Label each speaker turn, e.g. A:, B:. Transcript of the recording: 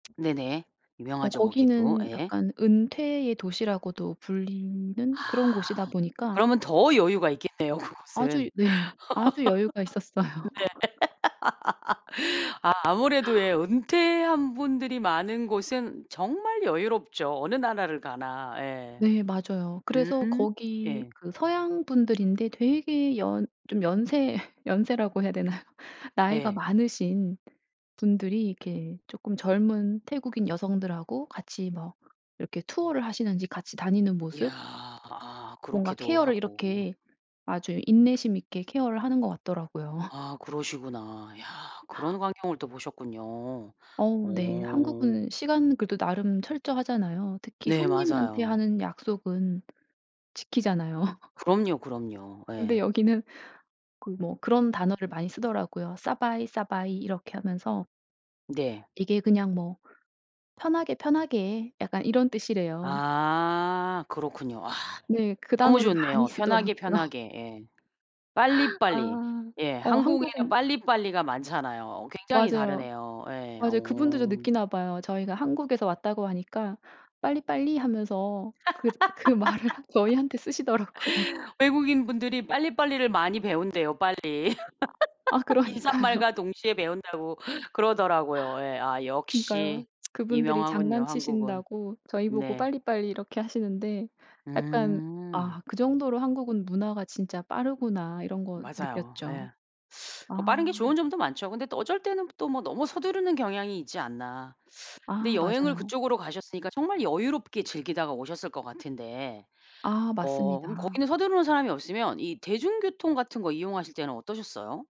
A: 네네.
B: 어
A: 유명하죠 거기도.
B: 거기는
A: 예.
B: 약간 은퇴의 도시라고도 불리는
A: 아.
B: 그런 곳이다 보니까
A: 그러면 더 여유가 있겠네요
B: 아주
A: 그곳은. 네.
B: 네. 아주 여유가 있었어요.
A: 아 아무래도 예 은퇴한 분들이 많은 곳은 정말 여유롭죠 어느 나라를 가나. 예.
B: 네 맞아요. 그래서
A: 음
B: 거기
A: 예.
B: 그 서양분들인데 되게 연 좀 연세 연세라고 해야 되나요? 나이가
A: 예.
B: 많으신 분들이 이렇게 쪼끔 젊은 태국인 여성들하고 같이 뭐 이렇게 투어를 하시는지 같이
A: 이
B: 다니는
A: 이야.
B: 모습
A: 아
B: 뭔가
A: 그렇기도
B: 케어를
A: 하고.
B: 이렇게 아주 인내심 있게 케어를 하는 것 같더라고요.
A: 아 그러시구나. 야 그런 광경을 또 보셨군요.
B: 어 네.
A: 어.
B: 한국은 시간은 그래도 나름 철저하잖아요. 특히
A: 네
B: 손님한테
A: 맞아요.
B: 하는 약속은 지키잖아요.
A: 그럼요, 그럼요.
B: 근데
A: 예.
B: 여기는 그 뭐 그런 단어를 많이 쓰더라고요. "싸바이, 싸바이." 이렇게 하면서
A: 네.
B: 이게 그냥 뭐 편하게 편하게 약간 이런 뜻이래요.
A: 아 그렇군요. 아.
B: 네. 그
A: 너무
B: 단어를 많이
A: 좋네요. 편하게,
B: 쓰더라고요.
A: 편하게 예. 빨리빨리.
B: 아.
A: 예.
B: 어
A: 한국에는
B: 한국은
A: 빨리빨리가 많잖아요. 어 굉장히
B: 맞아요.
A: 다르네요. 예.
B: 맞아요. 그분들도
A: 어.
B: 느끼나 봐요. 저희가 한국에서 왔다고 하니까 "빨리빨리." 하면서 그 그 말을 저희한테 쓰시더라고요.
A: 외국인 분들이 빨리빨리를 많이 배운대요 빨리.
B: 아 그러니까요.
A: '인사말과 동시에 배운다.'고 그러더라고요. 예. 아
B: 그니까.
A: 역시
B: 그분들이
A: 유명하군요 한국은.
B: 장난치신다고 저희 보고
A: 네.
B: "빨리빨리." 이렇게 하시는데 약간
A: 음.
B: '아 그 정도로 한국은 문화가 진짜 빠르구나.' 이런 거
A: 맞아요.
B: 느꼈죠.
A: 예. 그 빠른
B: 아.
A: 게 좋은 점도 많죠. 근데 또 어쩔 때는 또 뭐 너무 서두르는 경향이 있지 않나. 근데
B: 아
A: 여행을
B: 맞아요.
A: 그쪽으로 가셨으니까 정말 여유롭게 즐기다가 오셨을 것 같은데
B: 아
A: 어 그럼
B: 맞습니다.
A: 거기는 서두르는 사람이 없으면 이 대중교통 같은 거 이용하실 때는 어떠셨어요?